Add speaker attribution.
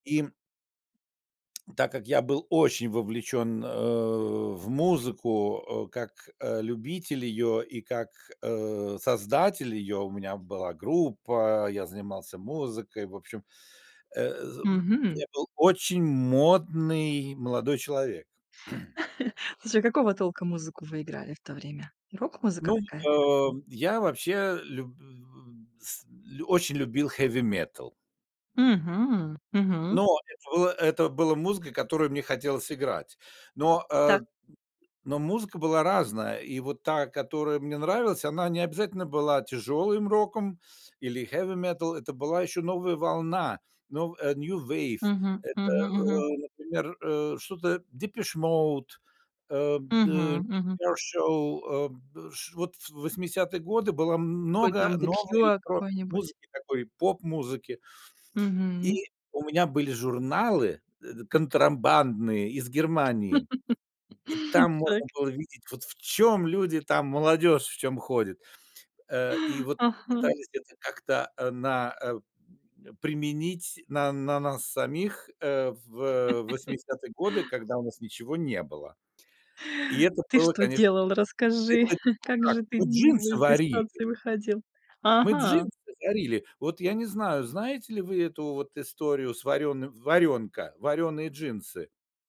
Speaker 1: И так как я был очень вовлечен, э, в музыку, э, как, э, любитель ее и как, э, создатель ее: у меня была группа, я занимался музыкой, в общем, э, з, м,
Speaker 2: Мгм.
Speaker 1: я был очень модный молодой человек.
Speaker 2: Слушай, какого толка музыку вы играли в то время? Рок-музыка
Speaker 1: Ну,
Speaker 2: какая-то?
Speaker 1: а, я вообще лю с очень любил хеви-метал.
Speaker 2: Мгм! Мгм.
Speaker 1: Но это было это было музыка, которую мне хотелось играть. Но, э,
Speaker 2: Так.
Speaker 1: но музыка была разная, и вот та, которая мне нравилась, она не обязательно была тяжелым роком или хеви-метал, это была еще новая волна, но э, New Wave.
Speaker 2: Мгм,
Speaker 1: Это,
Speaker 2: мгм, мгм.
Speaker 1: э, например, э, что-то Depeche Mode, э, б дэ
Speaker 2: Мгм, мгм.
Speaker 1: [unintelligible] шоу, э, б ш Вот в 80 годы было м
Speaker 2: Какой
Speaker 1: много
Speaker 2: там The
Speaker 1: новой
Speaker 2: Cure
Speaker 1: про
Speaker 2: какой-нибудь.
Speaker 1: музыки такой, поп-музыки.
Speaker 2: Мгм.
Speaker 1: И у меня были журналы, э, контрабандные из Германии. И там
Speaker 2: Так.
Speaker 1: можно было видеть, вот в чём люди там, молодежь в чём ходит. Э, и вот
Speaker 2: Ага.
Speaker 1: пытались это как-то, э, на, э, применить на на нас самих, э, в 80 годы, когда у нас ничего не было. И это
Speaker 2: Ты
Speaker 1: было,
Speaker 2: что
Speaker 1: конечно
Speaker 2: делал, расскажи?
Speaker 1: Это
Speaker 2: Как
Speaker 1: как?
Speaker 2: же ты
Speaker 1: Вот
Speaker 2: кого
Speaker 1: джинсы
Speaker 2: из этой
Speaker 1: варили.
Speaker 2: ситуации выходил?
Speaker 1: Мы
Speaker 2: Ага!
Speaker 1: джинсы варили. Вот, я не знаю, знаете ли вы эту вот историю с варёным "Варёнка". Варёные джинсы.